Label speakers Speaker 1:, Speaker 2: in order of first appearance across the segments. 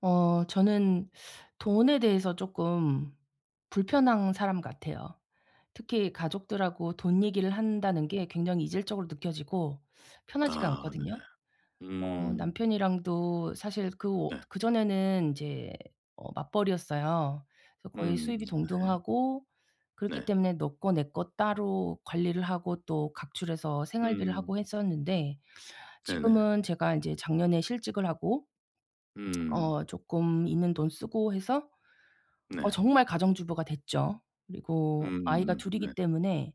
Speaker 1: 어 저는 돈에 대해서 쪼끔 불편한 사람 같아요. 특히 가족들하고 돈 얘기를 한다는 게 굉장히 이질적으로 느껴지고 편하지가
Speaker 2: 아 네.
Speaker 1: 않거든요. 뭐
Speaker 2: 음.
Speaker 1: 남편이랑도 사실 그 오
Speaker 2: 네.
Speaker 1: 그전에는 인제 어 맞벌이였어요. 그래서 거의
Speaker 2: 음.
Speaker 1: 수입이
Speaker 2: 네.
Speaker 1: 동등하고 그렇기
Speaker 2: 네.
Speaker 1: 때문에 너 거 내 거 따로 관리를 하고 또 각출해서 생활비를
Speaker 2: 음.
Speaker 1: 하고 했었는데
Speaker 2: 네네.
Speaker 1: 지금은 제가 인제 작년에 실직을 하고
Speaker 2: 음.
Speaker 1: 어 쪼끔 있는 돈 쓰고 해서 어
Speaker 2: 네.
Speaker 1: 정말 가정주부가 됐죠. 그리고 아이가
Speaker 2: 음음음.
Speaker 1: 2
Speaker 2: 네.
Speaker 1: 이기 때문에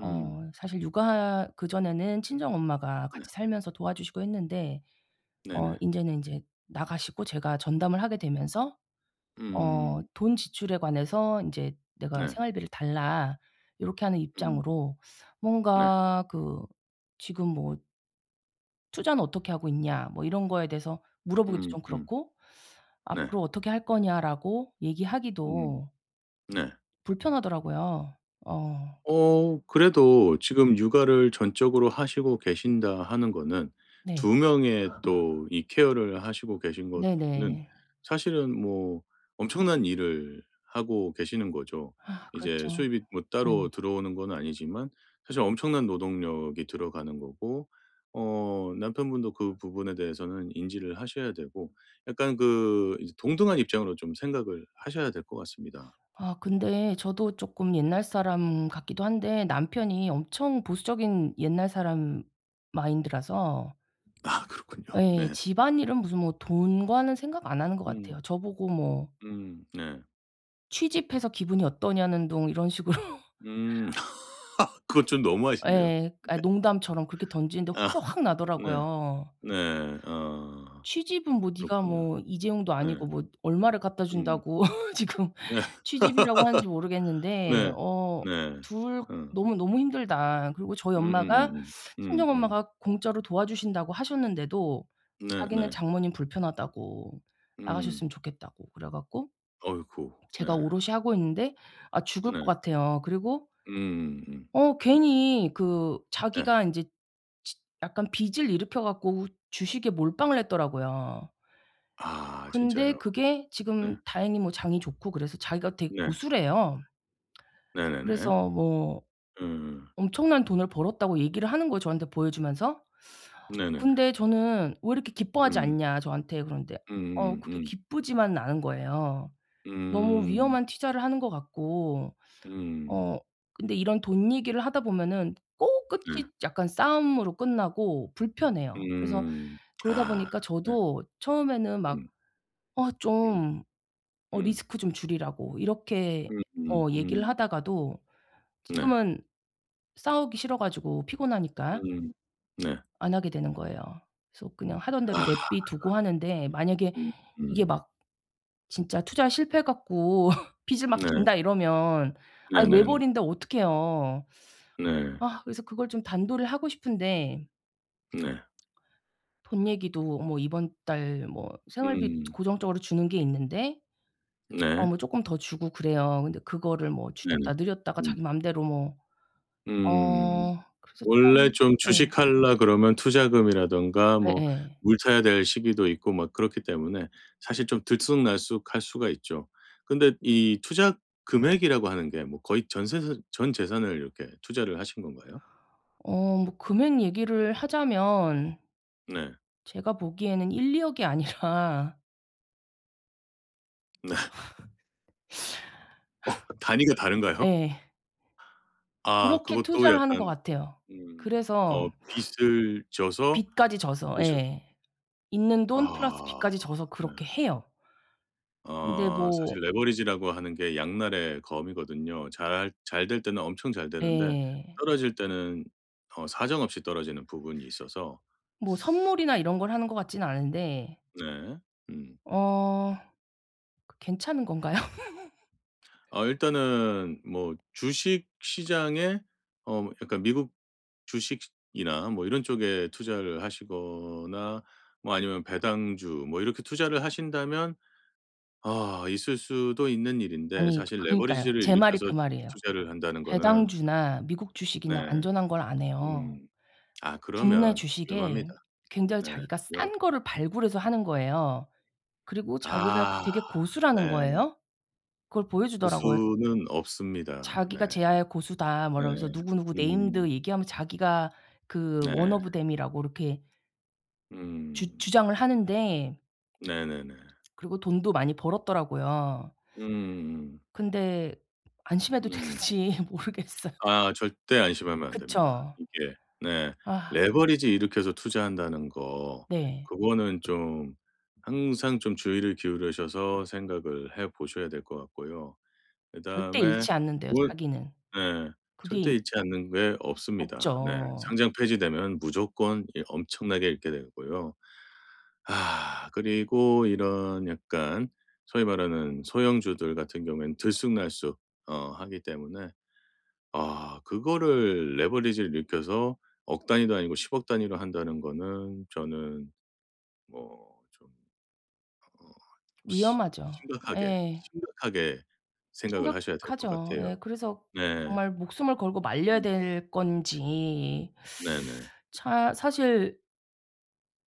Speaker 2: 음.
Speaker 1: 사실 육아 그전에는 친정엄마가
Speaker 2: 네.
Speaker 1: 같이 살면서 도와주시고 했는데 어
Speaker 2: 네네.
Speaker 1: 인제는 인제 나가시고 제가 전담을 하게 되면서 어
Speaker 2: 음.
Speaker 1: 돈 지출에 관해서 인제 내가
Speaker 2: 네.
Speaker 1: 생활비를 달라 요렇게 하는
Speaker 2: 음.
Speaker 1: 입장으로
Speaker 2: 네.
Speaker 1: 뭔가 그 지금 뭐 "투자는 어떻게 하고 있냐?" 뭐 이런 거에 대해서 물어보기도
Speaker 2: 음.
Speaker 1: 좀
Speaker 2: 음.
Speaker 1: 그렇고
Speaker 2: 네.
Speaker 1: "앞으로 어떻게 할 거냐?"라고
Speaker 2: 음.
Speaker 1: 얘기하기도
Speaker 2: 네.
Speaker 1: 불편하더라고요. 어.
Speaker 2: 어 그래도 지금 육아를 전적으로 하시고 계신다 하는 거는
Speaker 1: 네.
Speaker 2: 2 명의 또 이 케어를 하시고 계신 거는
Speaker 1: 네네.
Speaker 2: 사실은 뭐 엄청난 일을 하고 계시는 거죠. 이제
Speaker 1: 그렇죠.
Speaker 2: 수입이 뭐
Speaker 1: 네.
Speaker 2: 따로 들어오는 건 아니지만 사실 엄청난 노동력이 들어가는 거고 어 남편분도 그 부분에 대해서는 인지를 하셔야 되고 약간 그 이제 동등한 입장으로 좀 생각을 하셔야 될 것 같습니다.
Speaker 1: 아 근데 저도 쪼끔 옛날 사람 같기도 한데 남편이 엄청 보수적인 옛날 사람 마인드라서
Speaker 2: 아 그렇군요.
Speaker 1: 예.
Speaker 2: 네.
Speaker 1: 집안일은 무슨 뭐 돈과는 생각 안 하는 것
Speaker 2: 음.
Speaker 1: 같아요. 저보고 뭐
Speaker 2: 음. 네.
Speaker 1: "취집해서 기분이 어떠냐?"는 둥 이런 식으로.
Speaker 2: 음. 그건 좀 너무하신데요.
Speaker 1: 예. 아
Speaker 2: 네.
Speaker 1: 농담처럼 그렇게 던지는데
Speaker 2: 아
Speaker 1: 화가 확
Speaker 2: 네.
Speaker 1: 나더라고요.
Speaker 2: 네. 아.
Speaker 1: "취집은 뭐 네가
Speaker 2: 그렇군요.
Speaker 1: 뭐 이재용도
Speaker 2: 네.
Speaker 1: 아니고 뭐 얼마를 갖다
Speaker 2: 음.
Speaker 1: 준다고 지금
Speaker 2: 예.
Speaker 1: 취집이라고 하는지 모르겠는데
Speaker 2: 네.
Speaker 1: 어
Speaker 2: 네.
Speaker 1: 2
Speaker 2: 음.
Speaker 1: 너무너무 힘들다." 그리고 저희 엄마가
Speaker 2: 음음음음.
Speaker 1: 친정
Speaker 2: 음음.
Speaker 1: 엄마가 공짜로 도와 주신다고 하셨는데도 자기는
Speaker 2: 네네.
Speaker 1: 장모님 불편하다고
Speaker 2: 음.
Speaker 1: 나가셨으면 좋겠다고 그래 갖고
Speaker 2: 어이구. 네.
Speaker 1: 제가 오롯이 하고 있는데 아 죽을 것
Speaker 2: 네.
Speaker 1: 같아요. 그리고
Speaker 2: 음음음.
Speaker 1: 어 괜히 그
Speaker 2: 네.
Speaker 1: 자기가 인제 지 약간 빚을 일으켜 갖고 주식에 몰빵을 했더라고요.
Speaker 2: 아
Speaker 1: 근데
Speaker 2: 진짜요?
Speaker 1: 그게
Speaker 2: 네.
Speaker 1: 지금 다행히 뭐 장이 좋고 그래서 자기가 되게
Speaker 2: 네.
Speaker 1: 고수래요.
Speaker 2: 네네네.
Speaker 1: 그래서 뭐
Speaker 2: 음.
Speaker 1: 엄청난 돈을 벌었다고 얘기를 하는 거예요, 저한테 보여 주면서.
Speaker 2: 네네네.
Speaker 1: 근데 저는 "왜 이렇게 기뻐하지
Speaker 2: 음.
Speaker 1: 않냐?" 저한테 그러는데 어 그게
Speaker 2: 음음음음.
Speaker 1: 기쁘지만은 않은 거예요. 너무
Speaker 2: 음.
Speaker 1: 위험한 투자를 하는 것 같고.
Speaker 2: 음.
Speaker 1: 어 근데 이런 돈 얘기를 하다 보면은 꼭
Speaker 2: 네.
Speaker 1: 끝이 약간 싸움으로 끝나고 불편해요. 그래서
Speaker 2: 음.
Speaker 1: 그러다
Speaker 2: 아
Speaker 1: 보니까
Speaker 2: 네.
Speaker 1: 저도 처음에는 막
Speaker 2: 음.
Speaker 1: "어
Speaker 2: 음.
Speaker 1: 좀 어
Speaker 2: 음.
Speaker 1: 리스크 좀 줄이라."고 이렇게 어 얘기를
Speaker 2: 음음음.
Speaker 1: 하다가도
Speaker 2: 네.
Speaker 1: 지금은 싸우기 싫어 가지고 피곤하니까
Speaker 2: 음. 네.
Speaker 1: 안 하게 되는 거예요. 그래서 그냥 하던 대로
Speaker 2: 아.
Speaker 1: 내비 두고 하는데 만약에
Speaker 2: 음.
Speaker 1: 이게
Speaker 2: 음.
Speaker 1: 막 진짜 투자 실패해 갖고 빚을 막
Speaker 2: 네.
Speaker 1: 진다 이러면 아
Speaker 2: 네네네.
Speaker 1: 외벌이인데 어떡해요?
Speaker 2: 네.
Speaker 1: 아 그래서 그걸 좀 단도리를 하고 싶은데
Speaker 2: 네.
Speaker 1: 돈 얘기도 뭐 이번 달 뭐 생활비
Speaker 2: 음.
Speaker 1: 고정적으로 주는 게 있는데 어
Speaker 2: 네.
Speaker 1: 뭐 쪼끔 더 주고 그래요. 근데 그거를 뭐
Speaker 2: 네네.
Speaker 1: 줄였다 늘렸다가
Speaker 2: 음.
Speaker 1: 자기 맘대로 뭐
Speaker 2: 음.
Speaker 1: 어 그래서
Speaker 2: 원래
Speaker 1: 참
Speaker 2: 좀
Speaker 1: 예.
Speaker 2: 주식할라 그러면 투자금이라든가 뭐
Speaker 1: 예예.
Speaker 2: 물 타야 될 시기도 있고 뭐 그렇기 때문에 사실 좀 들쑥날쑥할 수가 있죠. 근데 이 투자 금액이라고 하는 게 뭐 거의 전세산 전 재산을 이렇게 투자를 하신 건가요?
Speaker 1: 어 뭐 금액 얘기를 하자면
Speaker 2: 네.
Speaker 1: 제가 보기에는 1-2 억이 아니라.
Speaker 2: 네. 어 단위가 다른가요?
Speaker 1: 예.
Speaker 2: 아
Speaker 1: 그렇게
Speaker 2: 그것도
Speaker 1: 투자를 하는 것
Speaker 2: 약간
Speaker 1: 같아요.
Speaker 2: 음
Speaker 1: 그래서
Speaker 2: 어 빚을 져서
Speaker 1: 빚까지 져서
Speaker 2: 오셔
Speaker 1: 예. 있는 돈 플러스
Speaker 2: 아
Speaker 1: 빚까지 져서
Speaker 2: 네.
Speaker 1: 그렇게 해요. 근데
Speaker 2: 어
Speaker 1: 뭐
Speaker 2: 사실 레버리지라고 하는 게 양날의 검이거든요. 잘할 잘될 때는 엄청 잘되는데
Speaker 1: 예.
Speaker 2: 떨어질 때는 어 사정없이 떨어지는 부분이 있어서.
Speaker 1: 뭐 선물이나 이런
Speaker 2: 음.
Speaker 1: 걸 하는 것 같지는 않은데
Speaker 2: 네. 음.
Speaker 1: 어. 그 괜찮은 건가요?
Speaker 2: 어 일단은 뭐 주식 시장에 어 약간 미국 주식이나 뭐 이런 쪽에 투자를 하시거나 뭐 아니면 배당주 뭐 이렇게 투자를 하신다면 아 있을 수도 있는 일인데
Speaker 1: 아니
Speaker 2: 사실
Speaker 1: 그러니까요.
Speaker 2: 레버리지를
Speaker 1: 제 말이
Speaker 2: 일으켜서
Speaker 1: 그
Speaker 2: 주식
Speaker 1: 말이에요.
Speaker 2: 투자를 한다는 거는
Speaker 1: 배당주나 미국
Speaker 2: 네.
Speaker 1: 주식이나 안전한 걸 안 해요.
Speaker 2: 음. 아
Speaker 1: 국내
Speaker 2: 그러면 위험합니다.
Speaker 1: 주식에 굉장히
Speaker 2: 네.
Speaker 1: 자기가
Speaker 2: 위험하
Speaker 1: 싼 거를 발굴해서 하는 거예요. 그리고 자기가
Speaker 2: 아
Speaker 1: 되게 고수라는
Speaker 2: 네.
Speaker 1: 거예요. 그걸 보여주더라고요.
Speaker 2: 고수는 없습니다. 네.
Speaker 1: 자기가 "재야의 고수다." 뭐
Speaker 2: 네.
Speaker 1: 이러면서 누구누구
Speaker 2: 음.
Speaker 1: 네임드 얘기하면서 자기가 그 one
Speaker 2: 네.
Speaker 1: of them이라고 이렇게 주
Speaker 2: 음.
Speaker 1: 주장을 하는데
Speaker 2: 네네네.
Speaker 1: 그리고 돈도 많이 벌었더라고요.
Speaker 2: 음.
Speaker 1: 근데 안심해도
Speaker 2: 음.
Speaker 1: 되는지 모르겠어요.
Speaker 2: 아 절대 안심하면 안 됩니다
Speaker 1: 그쵸.
Speaker 2: 이게. 네
Speaker 1: 아.
Speaker 2: 레버리지 일으켜서 투자한다는 거
Speaker 1: 네.
Speaker 2: 그거는 좀 항상 좀 주의를 기울이셔서 생각을 해 보셔야 될 것 같고요.
Speaker 1: 절대
Speaker 2: 그다음에
Speaker 1: 잃지 않는대요
Speaker 2: 올
Speaker 1: 자기는.
Speaker 2: 네
Speaker 1: 그게
Speaker 2: 절대
Speaker 1: 이
Speaker 2: 잃지 않는 게 없습니다. 네
Speaker 1: 없죠.
Speaker 2: 상장 폐지되면 무조건 이 엄청나게 잃게 되고요. 아 그리고 이런 약간 소위 말하는 소형주들 같은 경우엔 들쑥날쑥 어 하기 때문에 아 그거를 레버리지 일으켜서 억 단위도 아니고 10억 단위로 한다는 거는 저는 뭐 좀 어 좀 심
Speaker 1: 위험하죠.
Speaker 2: 심각하게,
Speaker 1: 예.
Speaker 2: 심각하게 생각을 하셔야 될 것
Speaker 1: 심각하죠.
Speaker 2: 같아요.
Speaker 1: 예 그래서
Speaker 2: 네.
Speaker 1: 정말 목숨을 걸고 말려야
Speaker 2: 음.
Speaker 1: 될 건지
Speaker 2: 네네.
Speaker 1: 차 사실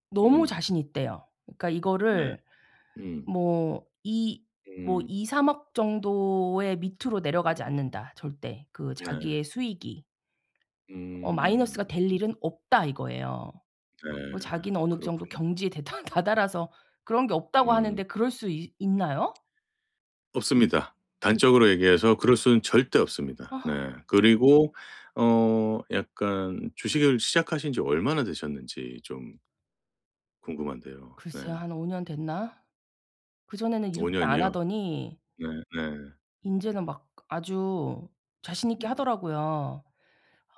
Speaker 1: 너무
Speaker 2: 음.
Speaker 1: 자신있대요. 그러니까
Speaker 2: 네.
Speaker 1: 이거를
Speaker 2: 음.
Speaker 1: 뭐 이 뭐
Speaker 2: 음.
Speaker 1: "2-3 억 정도의 밑으로 내려가지
Speaker 2: 음음음.
Speaker 1: 않는다 절대." 그
Speaker 2: 네.
Speaker 1: 자기의 수익이. 어 "마이너스가
Speaker 2: 음음
Speaker 1: 될
Speaker 2: 네.
Speaker 1: 일은 없다." 이거예요.
Speaker 2: 네.
Speaker 1: 뭐 자기는 어느 정도
Speaker 2: 그렇군요.
Speaker 1: 경지에 대달 다달아서 그런 게 없다고
Speaker 2: 음.
Speaker 1: 하는데 그럴 수 있 있나요?
Speaker 2: 없습니다.
Speaker 1: 그
Speaker 2: 단적으로 얘기해서 그럴 수는 절대 없습니다.
Speaker 1: 아.
Speaker 2: 네. 그리고 어 약간 주식을 시작하신 지 얼마나 되셨는지 좀 궁금한데요. 네.
Speaker 1: 글쎄요. 한 5년 됐나? 그전에는 이렇게 안
Speaker 2: 5년이요?
Speaker 1: 하더니
Speaker 2: 네네.
Speaker 1: 인제는 막 아주 자신있게
Speaker 2: 음.
Speaker 1: 하더라고요.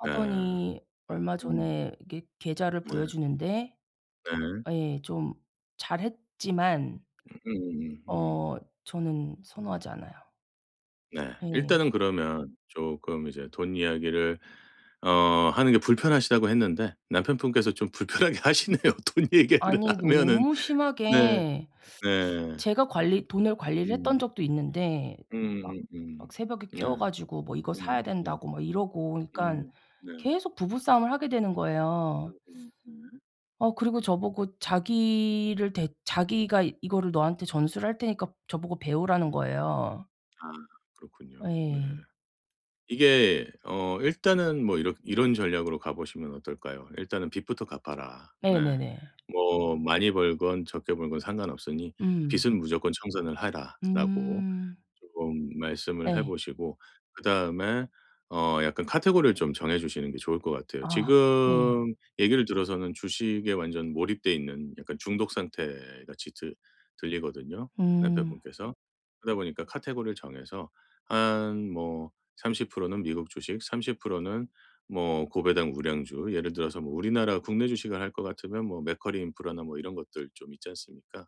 Speaker 2: 네.
Speaker 1: 얼마
Speaker 2: 음.
Speaker 1: 전에 이게 계좌를
Speaker 2: 네.
Speaker 1: 보여주는데
Speaker 2: 네.
Speaker 1: 아 예 좀 잘했지만
Speaker 2: 음음음 음.
Speaker 1: 어 저는 선호하지 않아요.
Speaker 2: 네.
Speaker 1: 예.
Speaker 2: 일단은 그러면 쪼끔 이제 돈 이야기를 어 하는 게 불편하시다고 했는데 남편분께서 좀 불편하게 하시네요. 돈 이야기를
Speaker 1: 아니
Speaker 2: 하면은.
Speaker 1: 너무
Speaker 2: 네.
Speaker 1: 심하게
Speaker 2: 네.
Speaker 1: 제가 관리 돈을
Speaker 2: 예.
Speaker 1: 관리를
Speaker 2: 음.
Speaker 1: 했던 적도 있는데 막 막
Speaker 2: 음음음.
Speaker 1: 새벽에
Speaker 2: 네.
Speaker 1: 깨워 가지고 뭐 "이거 사야
Speaker 2: 음음음.
Speaker 1: 된다."고 막 이러고 그러니까
Speaker 2: 음 네.
Speaker 1: 계속 부부 싸움을 하게 되는 거예요.
Speaker 2: 음음 네.
Speaker 1: 어 그리고 저보고 자기를 대 자기가 이거를 너한테 전수를 할 테니까 저보고 배우라는
Speaker 2: 음.
Speaker 1: 거예요.
Speaker 2: 아 그렇군요. 네.
Speaker 1: 예.
Speaker 2: 이게 어 일단은 뭐 이렇게 이런 전략으로 가보시면 어떨까요? "일단은 빚부터 갚아라." 네.
Speaker 1: 네네네.
Speaker 2: 뭐 많이 벌건 적게 벌건 상관없으니
Speaker 1: 음.
Speaker 2: "빚은 무조건 청산을 해라."라고
Speaker 1: 음.
Speaker 2: 쪼금 말씀을
Speaker 1: 예.
Speaker 2: 해보시고 그다음에 어 약간 카테고리를 좀 정해주시는 게 좋을 것 같아요.
Speaker 1: 아. 예.
Speaker 2: 지금 얘기를 들어서는 주식에 완전 몰입돼 있는 약간 중독 상태같이 들 들리거든요,
Speaker 1: 음.
Speaker 2: 남편분께서. 그러다 보니까 카테고리를 정해서 한 뭐 30% 는 미국 주식 30% 는 뭐 고배당 우량주 예를 들어서 뭐 우리나라 국내 주식을 할 것 같으면 뭐 맥쿼리 인프라나 뭐 이런 것들 좀 있지 않습니까?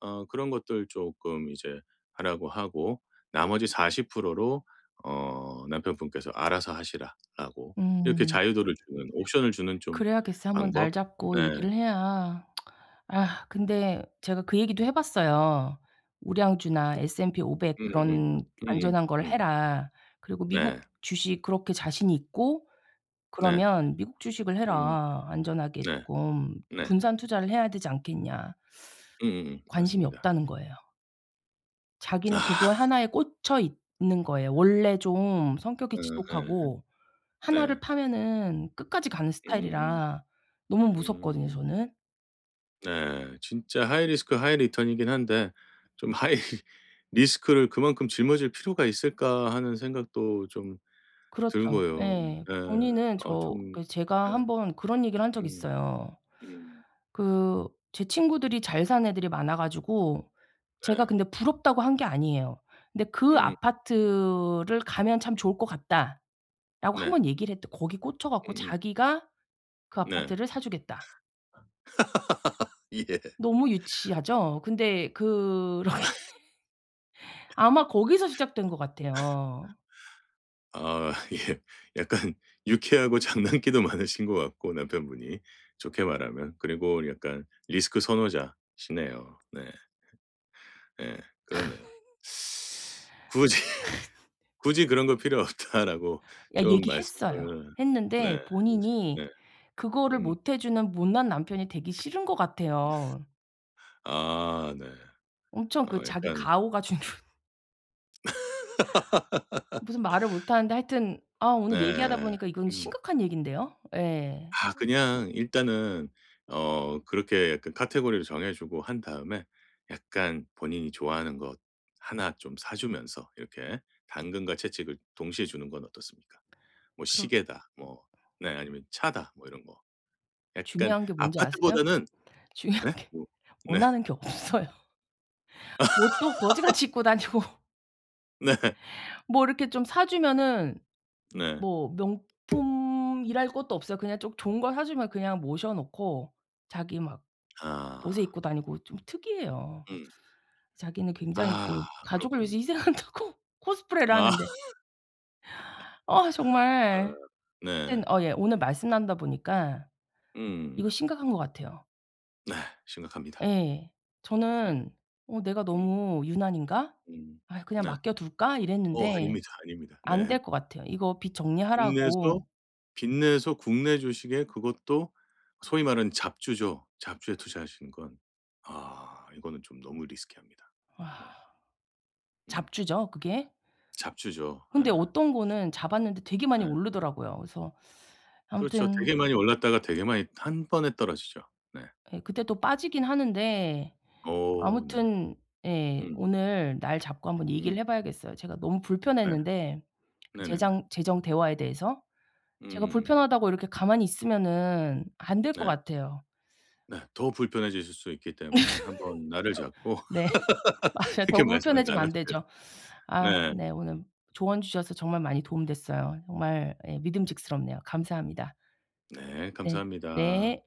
Speaker 2: 어 그런 것들 쪼끔 이제 하라고 하고 나머지 40% 프로로 어 남편분께서 "알아서 하시라."라고 이렇게
Speaker 1: 음.
Speaker 2: 자유도를 주는 옵션을 주는 좀
Speaker 1: 그래야겠어요. 1 번 날
Speaker 2: 방법.
Speaker 1: 잡고
Speaker 2: 네.
Speaker 1: 얘기를 해야. 아 근데 제가 그 얘기도 해봤어요. "우량주나 S&P500
Speaker 2: 음음음.
Speaker 1: 그런
Speaker 2: 음음.
Speaker 1: 안전한 걸
Speaker 2: 음.
Speaker 1: 해라." 그리고 "미국
Speaker 2: 네.
Speaker 1: 주식 그렇게 자신이 있고
Speaker 2: 네.
Speaker 1: 그러면 미국 주식을
Speaker 2: 음.
Speaker 1: 해라.
Speaker 2: 네.
Speaker 1: 안전하게끔
Speaker 2: 네.
Speaker 1: 분산투자를 해야 되지 않겠냐."
Speaker 2: 음음음.
Speaker 1: "관심이
Speaker 2: 맞습니다.
Speaker 1: 없다."는 거예요. 자기는
Speaker 2: 아.
Speaker 1: 그거에 1 에 꽂혀 있는 거예요. 원래 좀 성격이
Speaker 2: 어 예.
Speaker 1: 지독하고 1
Speaker 2: 네.
Speaker 1: 를 파면은 끝까지 가는
Speaker 2: 음음음.
Speaker 1: 스타일이라 너무 무섭거든요
Speaker 2: 음.
Speaker 1: 저는.
Speaker 2: 네. 진짜 하이리스크 하이리턴이긴 한데 좀 '하이리스크를 그만큼 짊어질 필요가 있을까?' 하는 생각도 좀
Speaker 1: 그렇죠.
Speaker 2: 들고요.
Speaker 1: 예.
Speaker 2: 예.
Speaker 1: 본인은
Speaker 2: 어
Speaker 1: 저
Speaker 2: 좀
Speaker 1: 그래서
Speaker 2: 예.
Speaker 1: 제가 1 번 그런 얘기를 한 적이
Speaker 2: 음.
Speaker 1: 있어요.
Speaker 2: 음.
Speaker 1: 그 제 친구들이 잘 사는 애들이 많아 가지고 제가
Speaker 2: 네.
Speaker 1: 근데 부럽다고 한 게 아니에요. 근데 "그
Speaker 2: 음음. 음.
Speaker 1: 아파트를 가면 참 좋을 것 같다."라고 1
Speaker 2: 네.
Speaker 1: 번 얘기를 했대. 거기 꽂혀 갖고
Speaker 2: 음음.
Speaker 1: 자기가 "그
Speaker 2: 네.
Speaker 1: 아파트를 사 주겠다."
Speaker 2: 예.
Speaker 1: 너무 유치하죠. 근데 그런 게 아마 거기서 시작된 것 같아요.
Speaker 2: 아. 예. 약간 유쾌하고 장난기도 많으신 것 같고 남편분이 좋게 말하면 그리고 약간 리스크 선호자시네요. 네. 네. 그렇네요. "굳이, 굳이 그런 거 필요없다."라고
Speaker 1: 야
Speaker 2: 좀
Speaker 1: 얘기했어요.
Speaker 2: 말씀을 네
Speaker 1: 했는데
Speaker 2: 해보심
Speaker 1: 본인이
Speaker 2: 네.
Speaker 1: 그거를
Speaker 2: 음.
Speaker 1: 못 해 주는 못난 남편이 되기 싫은 것 같아요.
Speaker 2: 아. 네.
Speaker 1: 엄청 그
Speaker 2: 어
Speaker 1: 자기
Speaker 2: 약간
Speaker 1: 가오가 주는 무슨 말을 못 하는데 하여튼 아 오늘 얘기하다
Speaker 2: 네.
Speaker 1: 보니까 이건
Speaker 2: 음.
Speaker 1: 심각한 얘긴데요. 예.
Speaker 2: 아 그냥 일단은 어 그렇게 약간 카테고리를 정해 주고 한 다음에 약간 본인이 좋아하는 것 1 좀 사 주면서 이렇게 당근과 채찍을 동시에 주는 건 어떻습니까? 뭐
Speaker 1: 그렇
Speaker 2: 시계다, 뭐 네 아니면 차다, 뭐 이런 거. 약간
Speaker 1: 중요한 게 뭔지 아세요?
Speaker 2: 아파트보다는
Speaker 1: 중요한
Speaker 2: 네?
Speaker 1: 게
Speaker 2: 뭐 네.
Speaker 1: 원하는 게 없어요. 옷도 거지같이 입고 다니고
Speaker 2: 네.
Speaker 1: 뭐 이렇게 좀 사주면은
Speaker 2: 네.
Speaker 1: 뭐 명품이랄 것도 없어요. 그냥 좀 좋은 걸 사주면 그냥 모셔 놓고 자기 막 옷을
Speaker 2: 아.
Speaker 1: 입고 다니고 좀 특이해요.
Speaker 2: 음.
Speaker 1: 자기는 굉장히 그
Speaker 2: 아
Speaker 1: 가족을 위해서
Speaker 2: 그렇군요.
Speaker 1: 희생한다고 코스프레를
Speaker 2: 아.
Speaker 1: 하는데 아
Speaker 2: 아.
Speaker 1: 정말
Speaker 2: 네.
Speaker 1: 하여튼 어 예 오늘 말씀 나누다 보니까 이거
Speaker 2: 음.
Speaker 1: 심각한 것 같아요.
Speaker 2: 네. 심각합니다.
Speaker 1: 예.
Speaker 2: 예.
Speaker 1: 저는 '어 내가
Speaker 2: 음.
Speaker 1: 너무 유난인가?
Speaker 2: 음.
Speaker 1: 아유 그냥
Speaker 2: 네. 어.
Speaker 1: 맡겨 둘까?'
Speaker 2: 어
Speaker 1: 이랬는데
Speaker 2: 아닙니다, 아닙니다. 네.
Speaker 1: 안될 것 같아요. 이거 빚
Speaker 2: 빚내서
Speaker 1: 정리하라고
Speaker 2: 빚내서 국내 주식에 그것도 소위 말하는 잡주죠. 잡주에 투자하시는 건 아 이거는 좀 너무 risky 합니다. 네.
Speaker 1: 와.
Speaker 2: 음.
Speaker 1: 잡주죠 그게?
Speaker 2: 잡주죠. 예.
Speaker 1: 근데 어떤 거는 잡았는데 되게 많이
Speaker 2: 네.
Speaker 1: 오르더라고요. 그래서
Speaker 2: 그렇죠.
Speaker 1: 아무튼
Speaker 2: 되게 많이 올랐다가 빚내서 빚내서 되게 많이 1 번에 떨어지죠. 네.
Speaker 1: 예 그때 또 빠지긴 하는데.
Speaker 2: 어 네.
Speaker 1: 아무튼 예
Speaker 2: 음.
Speaker 1: 오늘 날 잡고 한번
Speaker 2: 음.
Speaker 1: 얘기를 해 봐야겠어요. 제가 너무
Speaker 2: 네.
Speaker 1: 불편했는데
Speaker 2: 네네네.
Speaker 1: 재장 재정 대화에 대해서 제가
Speaker 2: 음.
Speaker 1: 불편하다고 이렇게 가만히 있으면은 안될 것
Speaker 2: 네.
Speaker 1: 같아요.
Speaker 2: 네. 더 불편해지실 수 있기 때문에 한번 날을 잡고
Speaker 1: 네. 맞아요. 더
Speaker 2: 이렇게 말씀을
Speaker 1: 불편해지면
Speaker 2: 나눠
Speaker 1: 안
Speaker 2: 줘야
Speaker 1: 되죠. 아
Speaker 2: 돼요. 네.
Speaker 1: 네 오늘 조언 주셔서 정말 많이 도움 됐어요. 정말 예 믿음직스럽네요. 감사합니다.
Speaker 2: 네.
Speaker 1: 네.
Speaker 2: 감사합니다.
Speaker 1: 네.